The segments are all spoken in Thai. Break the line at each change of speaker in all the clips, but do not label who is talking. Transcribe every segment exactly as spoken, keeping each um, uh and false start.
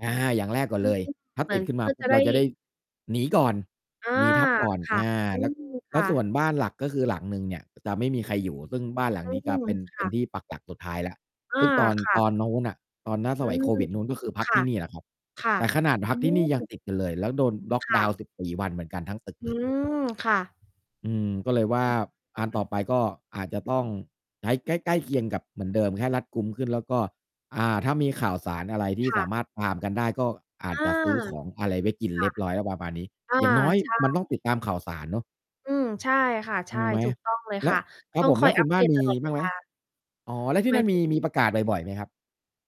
อา อย่างแรกก่อ
อ
น
ื
เล
อ
ย
ฮึ
ถ้า
เหม
ต
ื
ิ
อ
ด
น
ขึ้น
เ
ม
พ
า
ื่อ
ปุ
จ
๊บ
ะไ
เ
ด
ร
้
าจะได้หนีก่อน
อา
หนีทัพก่อน
ค่
อ
ะ
า
อื
แล้ว
ม ค
แล้
่
วส่ว
ะ
นบ้านหลัก ก็คือหลังหนึ่งเนี่ยจะไม่มีใครอยู่ ซึ่งบ้านหลังนี้
อ
จ
ื
ะ
ม
เป็น
ค
เป็
่
น
ะ
ที่ปักหลักสุดท้ายแล้ว
อ
ซ
า
ึ่งตอน
ค่
ต
ะ
อนนู้นน่ะ ตอนหน้าส
อื
มัยโ
ม
ควิดนู้น ก็คือพั
ค
ก
่
ที
ะ
่นี่แหละครับ
ค่ะ
แต่ขนาดพ
อ
ั
ื
กที่นี่ยัง
ม
ติดกันเลย แล้วโดนล็อค
ค
ด
่
าว
ะ
น์ สิบสี่ วันเหมือนกันทั้งตึก
อื
เลย
ม ค่ะ
อืม ก็เลยว่า
อือฮ
อ
ึ
ัน
อื
ต่
อ
อไปก็อาจจะต้องใช้ใกล้ ๆ เคียงกับเหมือนเดิม แค่รัดกุมขึ้น แล้วก็ อ่า ถ้ามีข่าวสารอะไรที่
ค่
ส
ะ
ามารถตามกันได้ ก็อ
เ
า
อ
จ
อ
จะซื้อของอะไรไว้กิน
ค
เร
่ะ
ียบร้อยแล้วประมาณนี้
อา
อย่างน้อย
ใช
มัน
่
ต้องติดตามข่าวสารเนาะ
อืม ใช่ค่ะ ใช
ง
่
งไหม?
ถูกต้องเลย
แล
ค
้
่
ว
ะ
คร
ต
ับ
้อ
ผ
ง
ม
ค
แ
อ
ล้
ย
วค
อ
ุ
ั
ณ
ป
บ้
เด
าน
ต
ม
ต
ี
ลอดเ
บ
ว
้างไห
ล
ม?
า
อ๋อ แล้วที
ห
่
ม
น
า
ั่
ย
น
ถ
มี
ึง
มีประกาศบ่อย ๆ ไหมครับ?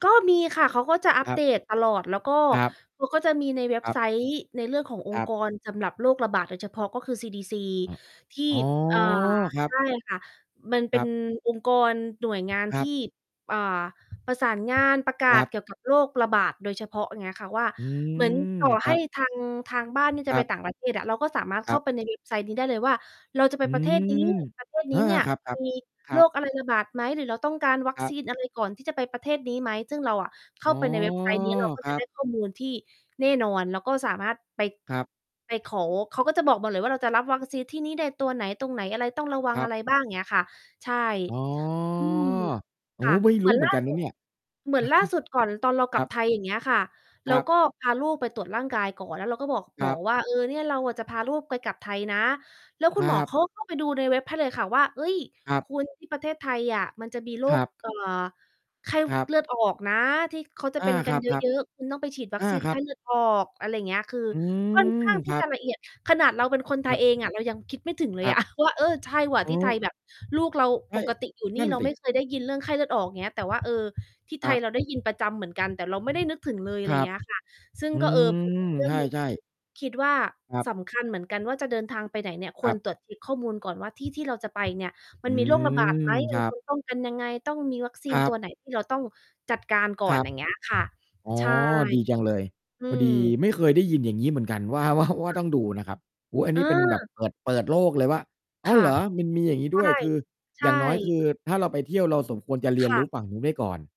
ก็มีค่ะ เขาก็จะอั
ค
ป
รั
เด
บ
ตตลอด แล้วก็
ครับ
เขาก็จะมีในเว็
ค
บ
รั
ไ
บ
ซต์ ในเรื่องของอ
ค
ง
ร
ค
ั
์ก
บ
รสำหรับโรคระบาดโดยเฉพาะ ก็คือ ซี-ดี-ซี
อ๋อ
ที่
อ๋อ
อ่า
ครั
ใ
บ
ช่ค่ะ มันเ
ค
ป็
รั
น
บ
องค์กร หน่วยงาน
ค
ท
รั
ี
บ
่ อ่า ประสานงาน ประก
ค
า
รั
ศ
บ
เกี่ยวกับโรคระบาดโดยเฉพาะ อย่างเงี้ยค่ะว่า
อื
เหมือน
ม
ต่อ
ค
ให
รั
้
บ
ทาง ทางบ้านนี้จ
ค
ะ
ร
ไ
ั
ป
บ
ต่างประเทศอะ เราก็สามารถ
ค
เข
ร
้
ั
า
บ
ไปในเว็บไซต์นี้ได้เลยว่า เราจะไ
อ
ป
ื
ประเทศนี
ม
้ ประเทศ
เอ
น
อ
ี้เนี่ย
ๆ ครับ
มี
ๆ ครั
โร
บ
คอะไรระบาดไหม? หรือเราต้องการวัค
ครั
ซี
บ
นอะไรก่อนที่จะไปประเทศนี้ไหม ซึ่งเราอะเข
อ
้
๋
า
อ
ไปในเว็บไซต์นี้ เราก็
คร
จะ
ั
ได
บ
้ข้อมูลที่แน่นอน เราก็สามารถไป
ครับ
ไปขอ เขาก็จะบอกหมดเลยว่าเราจะรับวัคซีนที่นี้ได้ตัวไหน ตรงไหนอะไร ต้องระวั
ค
ง
รั
อ
บ
ะไรบ้าง อย่างเงี้ยค่ะ ใช่
อ๋อ
อืม
โอ้
ค่ะ
ไม่
เห
ร
มื
ู
อ
้
น
เหม
ล
ื
่
อ
า
นกัน
ส
น
ุ
ะ
ด
เนี่ย
เหมือนล่าสุดก่อนตอนเรา
ค
กล
ร
ั
ั
บ
บ
ไทย อย่างเงี้ยค่ะ เ
ค
ร
ร
า
ับ
ก็พาลูกไปตรวจร่างกายก่อน แล้วเราก็บอก
ค
หม
รั
อ
บ
ว่า เออ เนี่ยเราจะพาลูกไปกลับไทยนะ แล้วค
ค
ุณ
ร
หม
ั
อ
บ
เขาก็เข้าไปดูในเว็บให้เลยค่ะว่า เฮ้ย
ครับ
คุณที่ประเทศไทยอะมันจะมีโร
คร
ค
ับ
เอ่อ ไข้
ครับ
เลือดออกนะ ที่เขาจะ
อา
เป็นก
ค
ันเย
รับ
อะ ๆ คุณต้องไปฉีดว
ๆ
ั
อ
ค
า
ซีน
ค
ไ
ร
ข
ั
้
บ
เลือดออก อะไรอย่างเงี้ย คือ
อื
ค่อนข
ม
้างท
ค
ี่
รั
จ
บ
ะละเอียด ขนาดเราเป็น คนไท
คร
ย
ับ
เองอะ เรายังคิดไม่ถึงเล
ค
ย
รั
อ
บ
ะ ว่า เออ ใช่ว่ะ
อ
ท
ื
ี่ไท
ม
ยแบบ ลูกเรา
ใช
ป
่
กติอยู่น
น
ี
ั
่
่น
เรา
สิ
ไม่เคยได้ยินเรื่องไข้เลือด ออกอย่างเงี้ย แต่ว่า เออ ที่
ค
ไท
รั
ยเ
บ
ราได้ยินประจำเหมือนกัน แต่เราไม่ได้นึกถึงเลย อะ
ค
ไร
ร
อย่า
ั
งเ
บ
งี้ยค่ะ ซึ่ง
อื
ก็ เออ เป็น
ม
อีกเรื่
ใ
องหนึ่ง
ช่
ที่
ๆ
คิดว่า
ครับ
สำคัญเหมือนกันว่า จะเดินทางไปไหนเนี่ย ค
ค
ว
รั
ร
บ
ตรวจเช็กข้อมูลก่อนว่า ที่ ที่เราจะไปเนี่ย ม
อ
ัน
ื
มีโรคระบาด
ม
ไหม
ค
มั
ร
น
ั
ค
บ
วรป้องกันยังไง ต้องมีวัคซี
ค
น
รั
ตั
บ
วไหนที่เราต้องจัดการ ก่อ
คร
น
ับ
อย่างเงี้ยค่ะ
อ๋อ
ใช่
ดีจังเลย
อื
พอด
ม
ีไม่เคยได้ยิน อย่างงี้เหมือนกัน ว่า ว่า ว่
ค
า
่
ต้อ
ะ
งดูนะครับ โอ้โฮ อัน
เ
นี้เป็นแบบ
ออ
เปิด เปิดโลกเลยว่า อ๋อ
ค่
เ
ะ
หรอ! มันมีอย่างนี้
ใช
ด
่
้วย คือ
ใช
อย
่
่างน้อย คือถ้าเราไปเที่ยวเราสมควรจะเรี
ค
ยน
่
รู้
ะ
ฝั่งนู้นไว้ก่อน